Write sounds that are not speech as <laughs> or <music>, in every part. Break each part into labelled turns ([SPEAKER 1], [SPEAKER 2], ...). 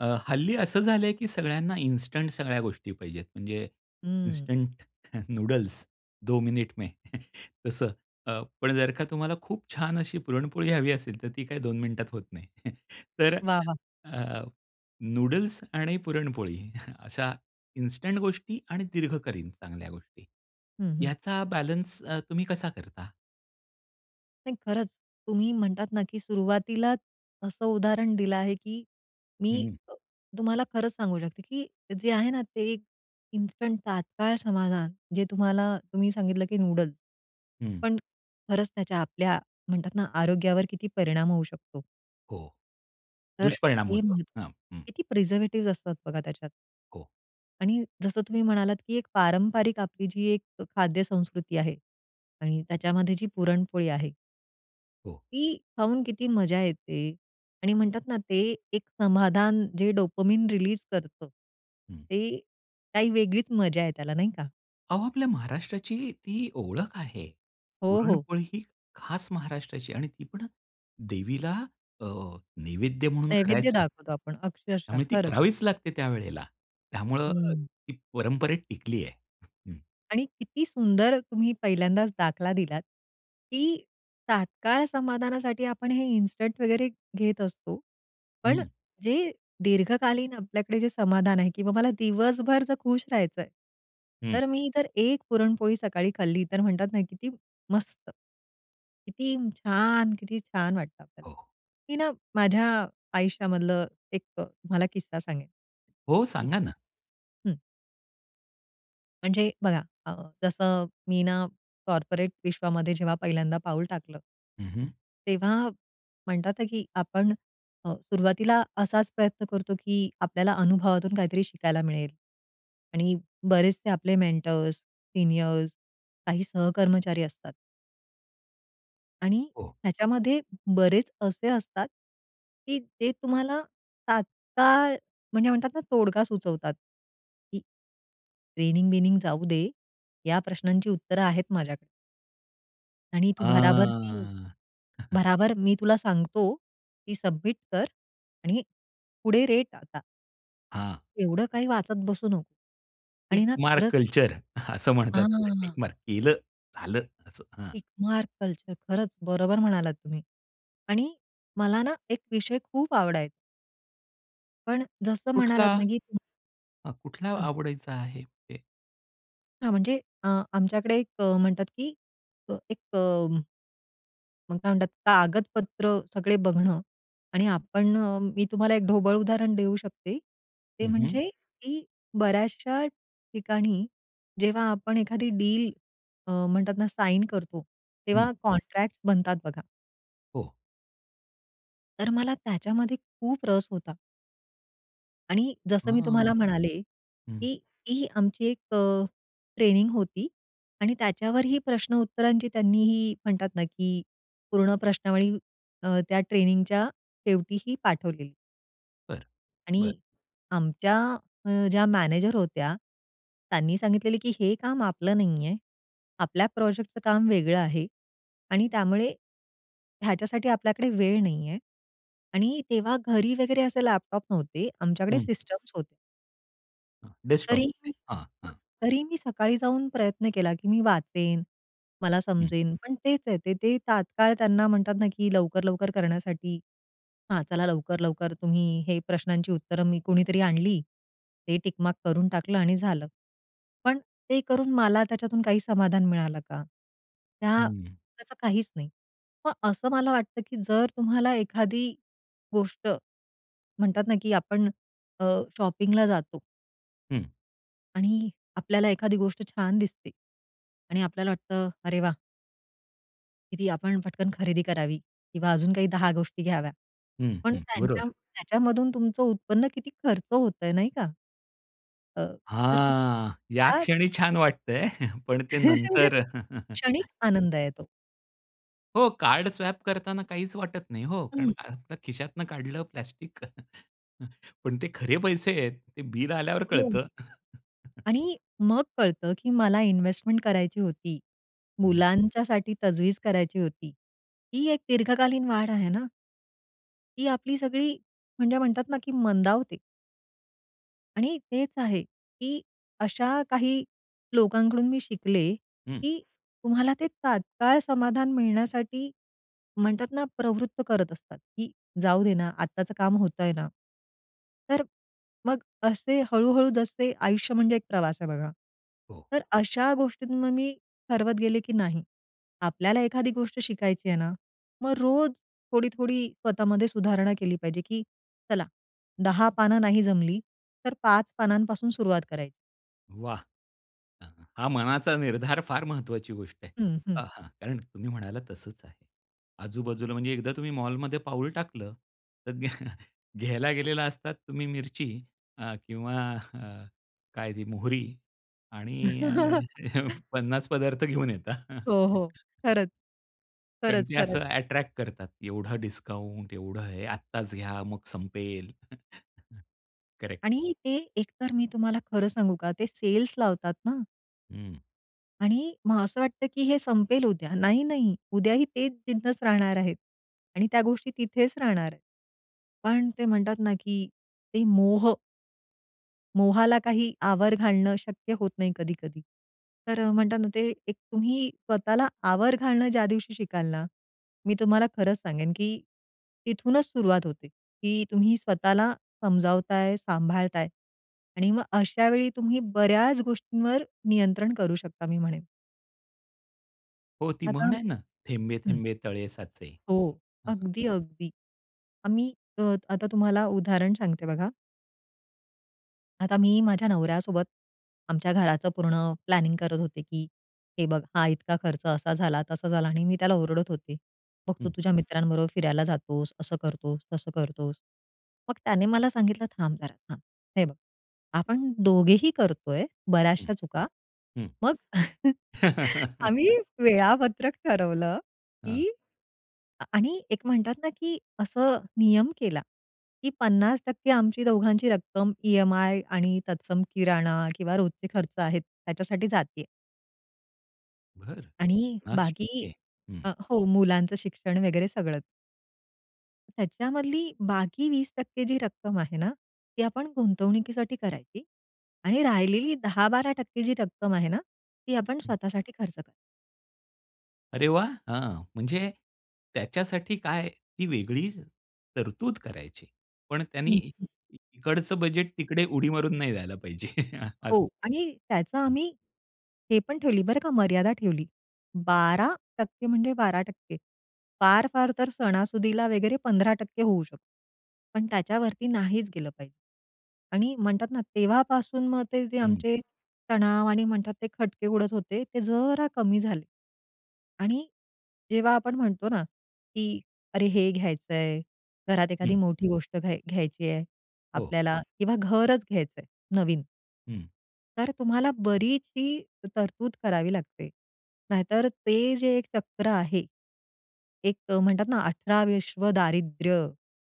[SPEAKER 1] अ, हल्ली असं झालंय की सगळ्यांना इन्स्टंट सगळ्या गोष्टी पाहिजेत. म्हणजे
[SPEAKER 2] हम्म.
[SPEAKER 1] इन्स्टंट नूडल्स 2 मिनिट में तसं. अ, पण जर का तुम्हाला खूप छान अशी पुरणपोळी हवी असेल तर, ती काही 2 मिनिटात होत नाही. <chuckles> तर
[SPEAKER 2] वाह, वाह!
[SPEAKER 1] अ, नूडल्स आणि पुरणपोळी अशा इन्स्टंट गोष्टी आणि दीर्घकालीन चांगल्या गोष्टी
[SPEAKER 2] हं, हं.
[SPEAKER 1] याचा बॅलन्स अ, तुम्ही कसा करता?
[SPEAKER 2] नाही खरंच, तुम्ही म्हणतात ना की सुरुवातीला असं उदाहरण दिलं आहे की मी
[SPEAKER 1] हं.
[SPEAKER 2] अ, तुम्हाला खरंच सांगू शकते की जे आहे ना, ते इन्स्टंट तात्काळ समाधान जे तुम्हाला तुम्ही सांगितलं की नूडल,
[SPEAKER 1] हं.
[SPEAKER 2] पण खरंच त्याच्या आपल्या म्हणतात ना, आरोग्यावर किती परिणाम होऊ शकतो.
[SPEAKER 1] हो.
[SPEAKER 2] तर
[SPEAKER 1] दुष्परिणाम
[SPEAKER 2] ते
[SPEAKER 1] होतो.
[SPEAKER 2] महत्त्वाचं
[SPEAKER 1] हं, हां.
[SPEAKER 2] आहे की प्रिझर्वेटिव्स असतात बघा, त्याच्यात.
[SPEAKER 1] हो.
[SPEAKER 2] आणि जसं तुम्ही म्हणालात की एक पारंपारिक आपली जी एक ख खाद्यसंस्कृती आहे आणि त्याच्यामध्ये जी पुरणपोळी आहे.
[SPEAKER 1] हो.
[SPEAKER 2] ती पाहून किती मजा येते आणि म्हणतात ना, ते एक समाधान जे डोपामाइन रिलीज करतं.
[SPEAKER 1] हं.
[SPEAKER 2] ते काही वेगळीच मजा आहे त्याला, नाही का?
[SPEAKER 1] अहो, आपल्या महाराष्ट्राची ती ओळख आहे.
[SPEAKER 2] हो, हो.
[SPEAKER 1] पुरणपोळी ही खास महाराष्ट्राची आणि ती पण देवीला अ, नैवेद्य म्हणून
[SPEAKER 2] नैवेद्य
[SPEAKER 1] करायचा.
[SPEAKER 2] दाखवतो आपण अक्षरशः,
[SPEAKER 1] त्यामुळे ती
[SPEAKER 2] खरंच.
[SPEAKER 1] करावीच लागते त्यावेळेला. त्यामुळं
[SPEAKER 2] हं.
[SPEAKER 1] ती परंपरेत टिकली आहे. हं.
[SPEAKER 2] आणि किती सुंदर तुम्ही पहिल्यांदाच दाखला दिलात, की तात्काळ समाधानासाठी आपण हे इन्स्टंट वगैरे घेत असतो. पण
[SPEAKER 1] हं.
[SPEAKER 2] जे दीर्घकालीन आपल्याकडे जे समाधान आहे किंवा मला दिवसभर जर खुश राहायचंय.
[SPEAKER 1] हं.
[SPEAKER 2] तर मी जर एक पुरणपोळी सकाळी खाल्ली, तर म्हणतात ना, किती मस्त, किती छान! किती छान वाटतं आपल्याला.
[SPEAKER 1] हो.
[SPEAKER 2] मी ना माझ्या आयुष्यामधलं एक अ, तुम्हाला किस्सा सांगेन
[SPEAKER 1] हो, सांगा ना.
[SPEAKER 2] <unintelligible> हं. म्हणजे बघा, अ, जसं मी ना, कॉर्पोरेट विश्वामध्ये जेव्हा पहिल्यांदा पाऊल टाकलं
[SPEAKER 1] हं, हं.
[SPEAKER 2] तेव्हा म्हणतात ना, की आपण सुरुवातीला अ, असाच प्रयत्न करतो, की आपल्याला अनुभवातून काहीतरी शिकायला मिळेल. आणि बरेचसे आपले मेंटोर्स, सिनीयर्स, काही सहकर्मचारी असतात आणि
[SPEAKER 1] हो.
[SPEAKER 2] ह्याच्यामध्ये बरेच असे असतात की ते तुम्हाला तात्काळ म्हणजे म्हणतात ना तोडगा सुचवतात. की ट्रेनिंग-बिनिंग जाऊ दे या प्रश्नांची उत्तरं आहेत माझ्याकडे. आणि तू भराभर, <unintelligible>
[SPEAKER 1] आह. <chuckles>
[SPEAKER 2] भराभर मी तुला सांगतो की सबमिट कर आणि पुढे रेट आता.
[SPEAKER 1] हां.
[SPEAKER 2] एवढं काही वाचत बसू नको आणि
[SPEAKER 1] टिक
[SPEAKER 2] ना
[SPEAKER 1] मार्क
[SPEAKER 2] खरंच
[SPEAKER 1] कल्चर असं म्हणतात त्याला, टिक
[SPEAKER 2] हां.
[SPEAKER 1] मार्क केलं झालं असं हं.
[SPEAKER 2] टिक मार्क कल्चर खरंच बरोबर म्हणालात तुम्ही आणि मला ना एक विषय खूप आवडायचा. पण जसं म्हणालात
[SPEAKER 1] कुठला?
[SPEAKER 2] ना की खूप
[SPEAKER 1] हं, कुठला
[SPEAKER 2] हं.
[SPEAKER 1] आवडीचा आहे ते?
[SPEAKER 2] हां, म्हणजे अ, आमच्याकडे एक अ, म्हणतात की अ, एक अ मग काय म्हणतात, कागदपत्र सगळे बघणं आणि आपण अ, मी तुम्हाला एक ढोबळ उदाहरण देऊ शकते. ते
[SPEAKER 1] हं, हं.
[SPEAKER 2] म्हणजे की बर्‍याचशा ठिकाणी जेव्हा आपण एखादी डील अ, म्हणतात ना, साइन करतो,
[SPEAKER 1] हं.
[SPEAKER 2] तेव्हा कॉन्ट्रॅक्ट्स बनतात बघा.
[SPEAKER 1] हो.
[SPEAKER 2] तर मला त्याच्यामध्ये खूप रस होता. आणि जसं मी
[SPEAKER 1] हां,
[SPEAKER 2] तुम्हाला म्हणाले,
[SPEAKER 1] हं.
[SPEAKER 2] की ही आमची एक अ, ट्रेनिंग होती आणि त्याच्यावर ही प्रश्न उत्तरांची त्यांनी ही म्हणतात ना की पूर्ण प्रश्नावळी अ, त्या ट्रेनिंगच्या शेवटीही पाठवलेली.
[SPEAKER 1] बरं,
[SPEAKER 2] आणि
[SPEAKER 1] बरं.
[SPEAKER 2] आमच्या अ, ज्या मॅनेजर होत्या, त्यांनी सांगितलेलं, "की हे काम आपलं नाही आहे. आपल्या प्रोजेक्टचं काम वेगळं आहे आणि त्यामुळे, ह्याच्यासाठी आपल्याकडे वेळ नाहीये" आणि तेव्हा घरी वगैरे असे लॅपटॉप नव्हते. आमच्याकडे
[SPEAKER 1] हं.
[SPEAKER 2] सिस्टम्स होते.
[SPEAKER 1] हां, डेस्कटॉप,
[SPEAKER 2] तरी मी
[SPEAKER 1] हां, हां.
[SPEAKER 2] तरी मी सकाळी जाऊन प्रयत्न केला, की मी वाचेन, मला
[SPEAKER 1] हं.
[SPEAKER 2] समजेन पण तेच आहे ते, ते तात्काळ त्यांना म्हणतात ना, की लवकर-लवकर करण्यासाठी, हा चला लवकर-लवकर तुम्ही हे प्रश्नांची उत्तरं मी कोणीतरी आणली ते टिक मार्क करून टाकलं आणि झालं. पण ते करून मला त्याच्यातून काही समाधान मिळालं का? त्या
[SPEAKER 1] हं.
[SPEAKER 2] त्याचं काहीच नाही. मग असं मला वाटतं की जर तुम्हाला एखादी गोष्ट, म्हणतात ना की आपण अ, शॉपिंगला जातो
[SPEAKER 1] हं.
[SPEAKER 2] आणि आपल्याला एखादी गोष्ट छान दिसते आणि आपल्याला वाटतं, अरे वा! की ती आपण पटकन खरेदी करावी किंवा अजून काही दहा गोष्टी घ्याव्या.
[SPEAKER 1] हं,
[SPEAKER 2] पण
[SPEAKER 1] हं,
[SPEAKER 2] त्यांच्या
[SPEAKER 1] बरोबर.
[SPEAKER 2] त्याच्यामधून तुमचं उत्पन्न किती खर्च होतंय, नाही का? अ, तर तुम्ही
[SPEAKER 1] हां, या
[SPEAKER 2] त्या
[SPEAKER 1] क्षणी छान वाटतंय, पण ते
[SPEAKER 2] <chuckles>
[SPEAKER 1] नंतर.
[SPEAKER 2] क्षणिक
[SPEAKER 1] <chuckles>
[SPEAKER 2] आनंद आहे तो.
[SPEAKER 1] हो, कार्ड स्वाइप करतांना काहीच वाटत नाही हो. कारण
[SPEAKER 2] हं.
[SPEAKER 1] का आपल्या खिशातनं काढलं प्लास्टिक. <chuckles> पण ते खरे पैसे आहेत, ते बिल आल्यावर
[SPEAKER 2] हो.
[SPEAKER 1] कळतं! <chuckles>
[SPEAKER 2] आणि मग कळतं की मला इन्व्हेस्टमेंट करायची होती.
[SPEAKER 1] हं.
[SPEAKER 2] मुलांच्यासाठी तजवीज करायची होती. ही एक दीर्घकालीन वाढ आहे ना. ती आपली सगळी म्हणजे म्हणतात ना की मंदावते. आणि तेच आहे, की अशा काही लोकांकडून मी शिकले,
[SPEAKER 1] हं.
[SPEAKER 2] की तुम्हाला ते तात्काळ समाधान मिळण्यासाठी, म्हणतात ना, प्रवृत्त करत असतात, की जाऊ दे ना, आत्ताचं काम होतंय ना. तर मग असे हळू-हळू जसे आयुष्य म्हणजे एक प्रवास आहे बघा.
[SPEAKER 1] हो.
[SPEAKER 2] तर अशा गोष्टी मग मी ठरवत गेले, की नाही. आपल्याला एखादी गोष्ट शिकायची आहे ना? मग रोज थोडी-थोडी स्वतःमध्ये सुधारणा केली पाहिजे, की चला, 10 पानं नाही जमली तर 5 पानांपासून सुरुवात करायची.
[SPEAKER 1] वाह! <chuckles> हा मनाचा निर्धार फार महत्त्वाची गोष्ट आहे.
[SPEAKER 2] हं, हं.
[SPEAKER 1] आहा! कारण तुम्ही म्हणाला तसंच आहे. आजूबाजूला म्हणजे एकदा तुम्ही मॉलमध्ये पाऊल टाकलं, तर घ्या <chuckles> घ्यायला गेलेला असतात तुम्ही मिरची, अ, किंवा <chuckles> काय ती मोहरी आणि <chuckles> अ,
[SPEAKER 2] <chuckles>
[SPEAKER 1] 50 पदार्थ घेऊन येता.
[SPEAKER 2] हो, हो.
[SPEAKER 1] <chuckles>
[SPEAKER 2] खरंच.
[SPEAKER 1] कारण
[SPEAKER 2] खरंच,
[SPEAKER 1] ते
[SPEAKER 2] खरंच.
[SPEAKER 1] असं ॲट्रॅक्ट करतात. एवढं डिस्काउन्ट, एवढं हे, आत्ताच घ्या, मग संपेल. <chuckles> करेक्ट.
[SPEAKER 2] आणि ते एकतर मी तुम्हाला खरं सांगू का ते सेल्स लावतात ना.
[SPEAKER 1] हं.
[SPEAKER 2] आणि मग असं वाटतं, की हे संपेल उद्या. नाही, नाही उद्याही ते तिथेच राहणार आहेत. आणि त्या गोष्टी तिथेच राहणार. पण ते म्हणतात ना, की ते मोह. मोहाला काही आवर घालणं शक्य होत नाही कधी-कधी. तर अ, म्हणतात ना, ते एक तुम्ही स्वतःला आवर घालणं ज्या दिवशी शिकाल ना, मी तुम्हाला खरंच सांगेन, की तिथूनच सुरुवात होते. की तुम्ही स्वतःला समजावताय, सांभाळताय आणि मग अशा वेळी तुम्ही बऱ्याच गोष्टींवर नियंत्रण करू शकता मी म्हणेन.
[SPEAKER 1] हो ती
[SPEAKER 2] आता
[SPEAKER 1] म्हण आहे ना, "थेंबे
[SPEAKER 2] हं.
[SPEAKER 1] थेंबे तळे साचे"
[SPEAKER 2] हो,
[SPEAKER 1] हं.
[SPEAKER 2] अगदी, अगदी. आम्ही अ, आता तुम्हाला उदाहरण सांगते बघा. आता मी माझ्या नवऱ्यासोबत आमच्या घराचं पूर्ण प्लॅनिंग करत होते की हे बघ, हा इतका खर्च असा झाला, तसा झाला आणि मी त्याला ओरडत होते. मग तू
[SPEAKER 1] हं.
[SPEAKER 2] तुझ्या मित्रांबरोबर फिरायला जातोस, असं करतोस, तसं करतोस. मग त्याने मला सांगितलं थांब जरा थांब. हे बघ, आपण दोघेही करतोय
[SPEAKER 1] हं,
[SPEAKER 2] बऱ्याचश्या चुका.
[SPEAKER 1] हं.
[SPEAKER 2] मग <chuckles> आम्ही
[SPEAKER 1] <laughs>
[SPEAKER 2] वेळापत्रक ठरवलं,
[SPEAKER 1] हां.
[SPEAKER 2] की आणि एक म्हणतात ना की असं नियम केला, की 50% आमची दोघांची रक्कम ईएमआय आणि तत्सम किराणा किंवा रोजचे खर्च आहेत त्याच्यासाठी जातेय.
[SPEAKER 1] बरं,
[SPEAKER 2] आणि
[SPEAKER 1] पन्नास
[SPEAKER 2] बाकी
[SPEAKER 1] टक्के. हं.
[SPEAKER 2] अ, हो मुलांचं शिक्षण वगैरे सगळंच. त्याच्यामधली बाकी 20% जी रक्कम आहे ना, ती आपण गुंतवणुकीसाठी करायची आणि राहिलेली 10%-12% जी रक्कम आहे ना ती आपण
[SPEAKER 1] हं.
[SPEAKER 2] स्वतःसाठी खर्च करायची.
[SPEAKER 1] अरे वाह! हां, म्हणजे त्याच्यासाठी काय ती वेगळी तरतूद करायची. पण त्यानी इकडचं बजेट तिकडे उडी मारून नाही जायला पाहिजे <chuckles>
[SPEAKER 2] हो.
[SPEAKER 1] असं.
[SPEAKER 2] आणि त्याचं आम्ही हे पण ठेवली बरं का मर्यादा ठेवली. 12% म्हणजे 12% फार-फार तर सणासुदीला वगैरे 15% होऊ शकतो. पण त्याच्यावरती नाहीच गेलं पाहिजे. आणि म्हणतात ना तेव्हापासून मग ते जे
[SPEAKER 1] हं.
[SPEAKER 2] आमचे तणाव आणि म्हणतात ते खटके उडत होते ते जरा कमी झाले. आणि जेव्हा आपण म्हणतो ना, की अरे हे घ्यायचंय, घरात एखादी
[SPEAKER 1] हं.
[SPEAKER 2] मोठी गोष्ट घ घ्यायची आहे
[SPEAKER 1] हो.
[SPEAKER 2] आपल्याला किंवा घरच घ्यायचंय नवीन
[SPEAKER 1] हं.
[SPEAKER 2] तर तुम्हाला बरीचशी तरतूद करावी लागते. नाहीतर ते जे एक चक्र आहे, एक अ, म्हणतात ना अठरा विश्व दारिद्र्य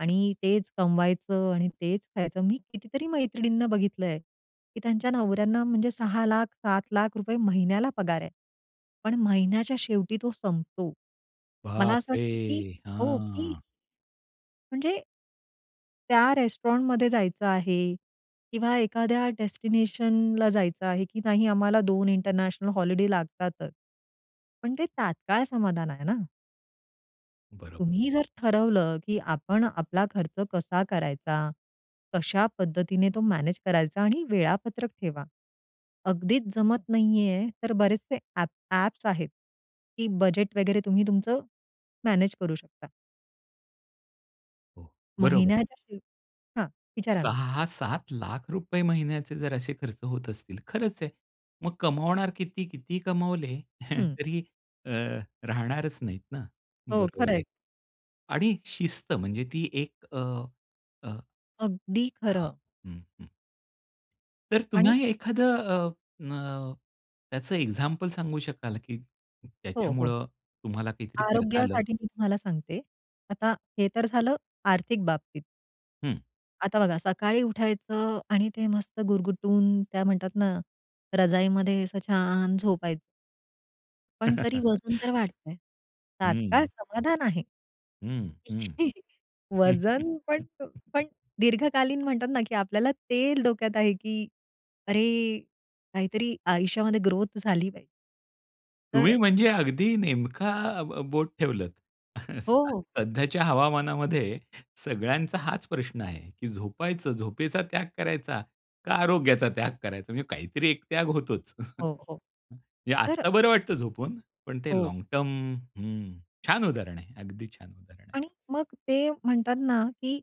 [SPEAKER 2] आणि तेच कमवायचं आणि तेच खायचं. मी कितीतरी मैत्रिणींना बघितलंय, की त्यांच्या नवऱ्यांना म्हणजे ₹6,00,000 रुपये, ₹7,00,000 रुपये महिन्याला पगार आहे. पण महिन्याच्या शेवटी तो संपतो. मला असं
[SPEAKER 1] बापरे!
[SPEAKER 2] वाटतं, की हो. की
[SPEAKER 1] हां.
[SPEAKER 2] म्हणजे त्या रेस्टॉरंटमध्ये जायचं आहे किंवा एखाद्या डेस्टिनेशनला जायचं आहे, की नाही, आम्हाला 2 इंटरनॅशनल हॉलिडे लागतातच. पण ते तात्काळ समाधान आहे ना.
[SPEAKER 1] बरोबर.
[SPEAKER 2] तुम्ही जर ठरवलं, की आपण आपला खर्च कसा करायचा, कशा पद्धतीने तो मॅनेज करायचा आणि वेळापत्रक ठेवा. अगदीच जमत नाहीये, तर बरेचसे ॲप ॲप्स आहेत की बजेट वगैरे, तुम्ही तुमचं मॅनेज करू शकता.
[SPEAKER 1] हो, बरोबर.
[SPEAKER 2] महिन्याच्या शेवटी हां. विचारा ना.
[SPEAKER 1] ₹6-700000 महिन्याचे जर असे खर्च होत असतील, तर खरंच आहे, मग कमावणार किती? किती कमावले
[SPEAKER 2] हं.
[SPEAKER 1] तरी अ, राहणारच नाहीत ना.
[SPEAKER 2] हो,
[SPEAKER 1] बरोबर
[SPEAKER 2] खरं
[SPEAKER 1] आहे.
[SPEAKER 2] आहे.
[SPEAKER 1] आणि शिस्त म्हणजे ती 1 अ, अ,
[SPEAKER 2] अगदी
[SPEAKER 1] हां.
[SPEAKER 2] खरं.
[SPEAKER 1] हं, हं. तर
[SPEAKER 2] आणि
[SPEAKER 1] पुन्हा एखादं अ, अ, त्याचं एक्झाम्पल सांगू शकाल का, की
[SPEAKER 2] हो, हो.
[SPEAKER 1] त्याच्यामुळं तुम्हाला काहीतरी करता आलं?
[SPEAKER 2] आरोग्यासाठी मी तुम्हाला सांगते. आता हे तर झालं आर्थिक बाबतीत.
[SPEAKER 1] हं.
[SPEAKER 2] आता बघा सकाळी उठायचं आणि ते मस्त गुरगुटून काय म्हणतात ना, रजाईमध्ये असं छान झोपायचं. पण तरी वजन
[SPEAKER 1] <chuckles>
[SPEAKER 2] तर वाढतंय.
[SPEAKER 1] हं,
[SPEAKER 2] तात्काळ
[SPEAKER 1] हं.
[SPEAKER 2] समाधान आहे.
[SPEAKER 1] हं, हं.
[SPEAKER 2] <chuckles>
[SPEAKER 1] <chuckles>
[SPEAKER 2] वजन पण पण दीर्घकालीन म्हणतात ना, की आपल्याला तेच डोक्यात आहे की, अरे काहीतरी आयुष्यामध्ये ग्रोथ झाली आहे.
[SPEAKER 1] तुम्ही
[SPEAKER 2] तर
[SPEAKER 1] म्हणजे अगदी नेमका ब बोट ठेवलंत <chuckles>
[SPEAKER 2] हो,
[SPEAKER 1] असा.
[SPEAKER 2] हो.
[SPEAKER 1] सध्याच्या हवामानामध्ये सगळ्यांचा हाच प्रश्न आहे. की झोपायचं, झोपेचा त्याग करायचा का आरोग्याचा त्याग करायचा? म्हणजे काहीतरी एक त्याग होतोच. <chuckles>
[SPEAKER 2] हो, हो.
[SPEAKER 1] म्हणजे
[SPEAKER 2] तर
[SPEAKER 1] आत्ता बरं वाटतं झोपून, पण ते
[SPEAKER 2] हो.
[SPEAKER 1] लाँग टर्म हं. छान उदाहरण आहे. अगदी छान उदाहरण आहे.
[SPEAKER 2] आणि मग ते म्हणतात ना, की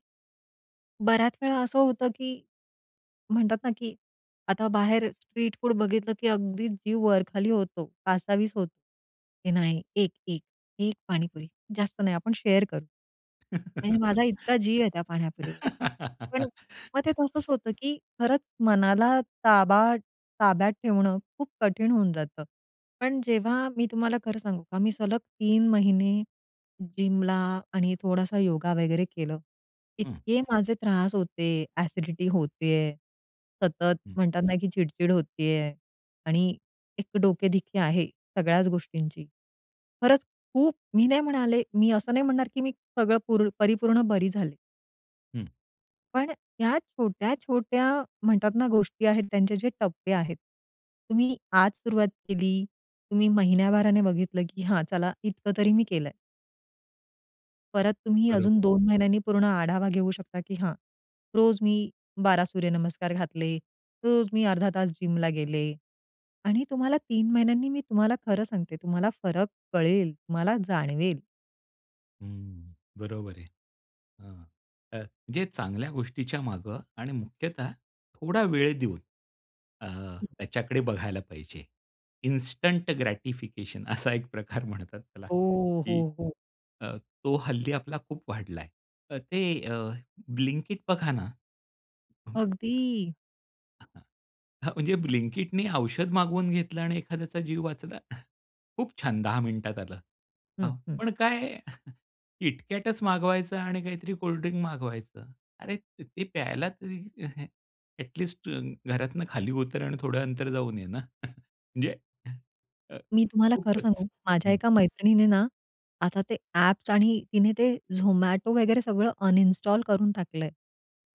[SPEAKER 2] बऱ्याच वेळा असं होतं, की म्हणतात ना, की आता बाहेर स्ट्रीट फूड बघितलं, की अगदी जीव वर-खाली होतो, कासावीस होतो. हे नाही एक, एक, एक पाणीपुरी. जास्त नाही, आपण शेअर करू. आणि माझा इतका जीव आहे त्या पाणीपुरीवर. पण अ, मग ते
[SPEAKER 1] <laughs>
[SPEAKER 2] तसंच होतं, की खरंच मनाला ताबा ताब्यात ठेवणं खूप कठीण होऊन जातं. पण जेव्हा मी तुम्हाला खरं सांगू का, मी सलग 3 महिने जिमला आणि थोडासा योगा वगैरे केलं.
[SPEAKER 1] हं.
[SPEAKER 2] इतके माझे त्रास होते, अ‍ॅसिडिटी होत आहे सतत,
[SPEAKER 1] हं.
[SPEAKER 2] म्हणतात ना, की चिडचिड होत आहे आणि एक डोकेदुखी आहे सगळ्याच गोष्टींची. खरंच खूप मी नाही म्हणाले मी असं नाही म्हणणार, की मी सगळं पूर्ण परिपूर्ण बरी झाले.
[SPEAKER 1] हं.
[SPEAKER 2] पण अ, ह्या छोट्या-छोट्या म्हणतात ना, गोष्टी आहेत, त्यांचे जे टप्पे आहेत, तुम्ही आज सुरुवात केली, तुम्ही महिन्याभराने बघितलं की "हां, चला इतकं तरी मी केलंय." परत तुम्ही अजून
[SPEAKER 1] बरोबर.
[SPEAKER 2] 2 महिन्यांनी पूर्ण आढावा घेऊ शकता की "हां, रोज मी 12 सूर्यनमस्कार घातले. रोज मी अर्धा तास जिमला गेले" आणि तुम्हाला 3 महिन्यांनी मी तुम्हाला खरं सांगते तुम्हाला फरक कळेल, तुम्हाला जाणवेल.
[SPEAKER 1] हम्म. बरोबर आहे. हां. अ, जे चांगल्या गोष्टीच्या मागं आणि मुख्यतः थोडा वेळ देऊन अ,
[SPEAKER 2] हं.
[SPEAKER 1] त्याच्याकडे बघायला पाहिजे. इन्स्टंट ग्रॅटिफिकेशन असा एक प्रकार म्हणतात त्याला
[SPEAKER 2] ओह! हो,
[SPEAKER 1] की
[SPEAKER 2] हो.
[SPEAKER 1] अ, तो हल्ली आपला खूप वाढलाय. अ, ते अ, Blinkit बघा ना हं,
[SPEAKER 2] अगदी.
[SPEAKER 1] हां, हां, <chuckles> म्हणजे Blinkitनी औषध मागवून घेतलं आणि एखाद्याचा जीव वाचला. <chuckles> खूप छान 10 मिनिटात आलं. अ,
[SPEAKER 2] हं, हं.
[SPEAKER 1] पण काय <chuckles> KitKatच मागवायचं आणि काहीतरी कोल्डड्रिंक मागवायचं. अरे त ते प्यायला तरी <chuckles> अ‍ॅट लीस्ट तं घरातनं खाली उतर आणि थोडं अंतर जाऊन ये ना. <chuckles> म्हणजे <chuckles> अ,
[SPEAKER 2] मी तुम्हाला खरं
[SPEAKER 1] खूपच.
[SPEAKER 2] सांगू, माझ्या
[SPEAKER 1] हं.
[SPEAKER 2] एका मैत्रिणीने ना, आता ते ॲप्स आणि तिने ते Zomato वगैरे सगळं अनइंस्टॉल करून टाकलंय,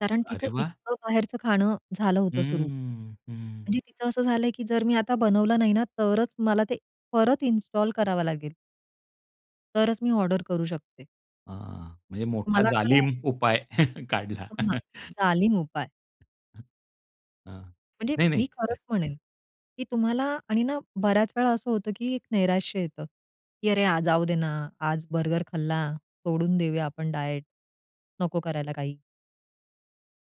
[SPEAKER 2] कारण तिचं
[SPEAKER 1] अरे वाह!
[SPEAKER 2] इतकं बाहेरचं खाणं झालं होतं सुरु.
[SPEAKER 1] हम्म, हं.
[SPEAKER 2] म्हणजे तिचं असं झालंय की जर मी आता बनवलं नाही ना, तरच मला ते परत इन्स्टॉल करावं लागेल. तरच मी ऑर्डर करू शकते.
[SPEAKER 1] आह, म्हणजे मोठा
[SPEAKER 2] मला वाटलं
[SPEAKER 1] जालीम उपाय काढला.
[SPEAKER 2] हो ना, जालीम उपाय.
[SPEAKER 1] अ,
[SPEAKER 2] म्हणजे
[SPEAKER 1] नाही-नाही.
[SPEAKER 2] मी खरंच म्हणेन, की तुम्हाला आणि ना, बऱ्याच वेळा असं होतं की एक नैराश्य येतं, की "अरे यार, आज जाऊ दे ना, आज बर्गर खाल्ला, सोडून देऊया आपण डाएट, नको करायला काही."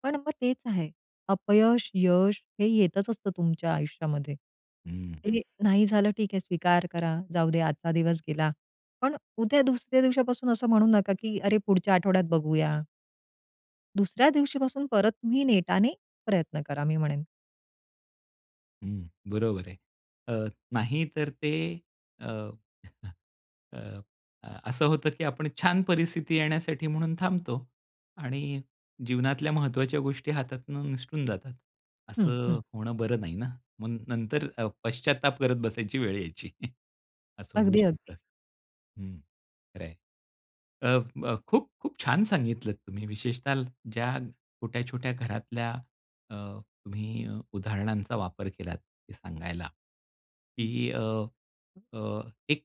[SPEAKER 2] पण मग तेच आहे. अपयश, यश हे येतच असतं तुमच्या आयुष्यामध्ये.
[SPEAKER 1] हं.
[SPEAKER 2] हे, नाही झालं ठीक आहे स्वीकार करा, जाऊ दे आजचा दिवस गेला. पण, उद्या दुसऱ्या दिवसापासून असं म्हणू नका की अरे पुढच्या आठवड्यात बघूया. दुसऱ्या दिवशी पासून परत तुम्ही नेटाने प्रयत्न करा, मी म्हणेन.
[SPEAKER 1] हं, बरोबर आहे. अ, नाही तर ते, अ, <unintelligible> अ, अ, असं होतं की आपण छान परिस्थिती येण्यासाठी म्हणून थांबतो आणि जीवनातल्या महत्वाच्या गोष्टी हातातनं निसटून जातात.
[SPEAKER 2] हं,
[SPEAKER 1] असं
[SPEAKER 2] हं.
[SPEAKER 1] होणं बरं नाही ना, मग नंतर अ, पश्चात्ताप करत बसायची वेळ यायची. <chuckles> असं होऊ
[SPEAKER 2] अगदी,
[SPEAKER 1] शकतं
[SPEAKER 2] अगदी.
[SPEAKER 1] हं, खरे आहे. अ, ब खूप-खूप छान सांगितलत तुम्ही. विशेषतः ज्या, छोट्या-छोट्या घरातल्या, अ, तुम्ही अ, उदाहरणांचा वापर केलात, हे सांगायला, की अ, अ, एक,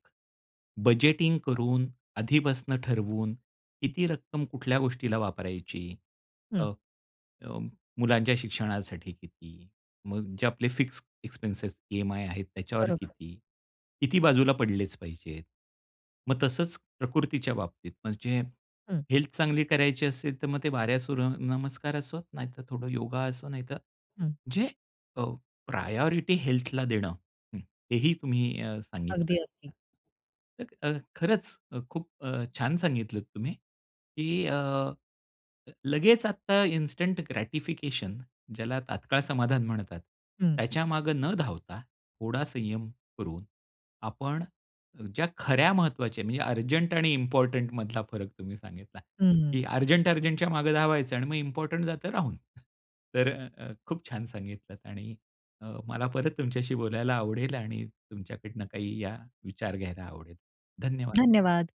[SPEAKER 1] बजेटिंग करून, आधीपासनं ठरवून, किती रक्कम कुठल्या गोष्टीला वापरायची? अ,
[SPEAKER 2] हं.
[SPEAKER 1] अ, मुलांच्या शिक्षणासाठी किती? मग जे आपले फिक्स एक्सपेन्सेस, ईएमआय आहेत, त्याच्यावर
[SPEAKER 2] बरोबर.
[SPEAKER 1] किती? किती बाजूला पडलेच पाहिजेत? मग तसंच, प्रकृतीच्या बाबतीत म्हणजे.
[SPEAKER 2] हं.
[SPEAKER 1] हेल्थ चांगली करायची असेल तर मग ते बारा सुर्य नमस्कार असो, नाहीतरं थोडं योगा असो, नाहीतर
[SPEAKER 2] हं.
[SPEAKER 1] जे, अ, प्रायोरिटी हेल्थला देणं. हं, हे ही तुम्ही अ, सांगितलं.
[SPEAKER 2] अगदी, अगदी.
[SPEAKER 1] अ, अ, खरंच अ, खूप अ, छान सांगितलत तुम्ही की अ, अ, लगेच आता इन्स्टंट ग्रॅटिफिकेशन, ज्याला तात्काळ समाधान म्हणतात.
[SPEAKER 2] हं.
[SPEAKER 1] त्याच्या मागे न धावता, थोडा संयम करून आपण, ज्या खऱ्या महत्वाच्या, म्हणजे अर्जंट आणि इम्पोर्टंट मधला फरक तुम्ही सांगितला.
[SPEAKER 2] हं.
[SPEAKER 1] की अर्जंट-अर्जंटच्या मागे धावायचं आणि मग इम्पोर्टंट जातं राहून. तर अ, अ, खूप-छान सांगितलत आणि अ, मला परत तुमच्याशी बोलायला आवडेल आणि तुमच्याकडनं काही या, विचार घ्यायला आवडेल, धन्यवाद.
[SPEAKER 2] धन्यवाद.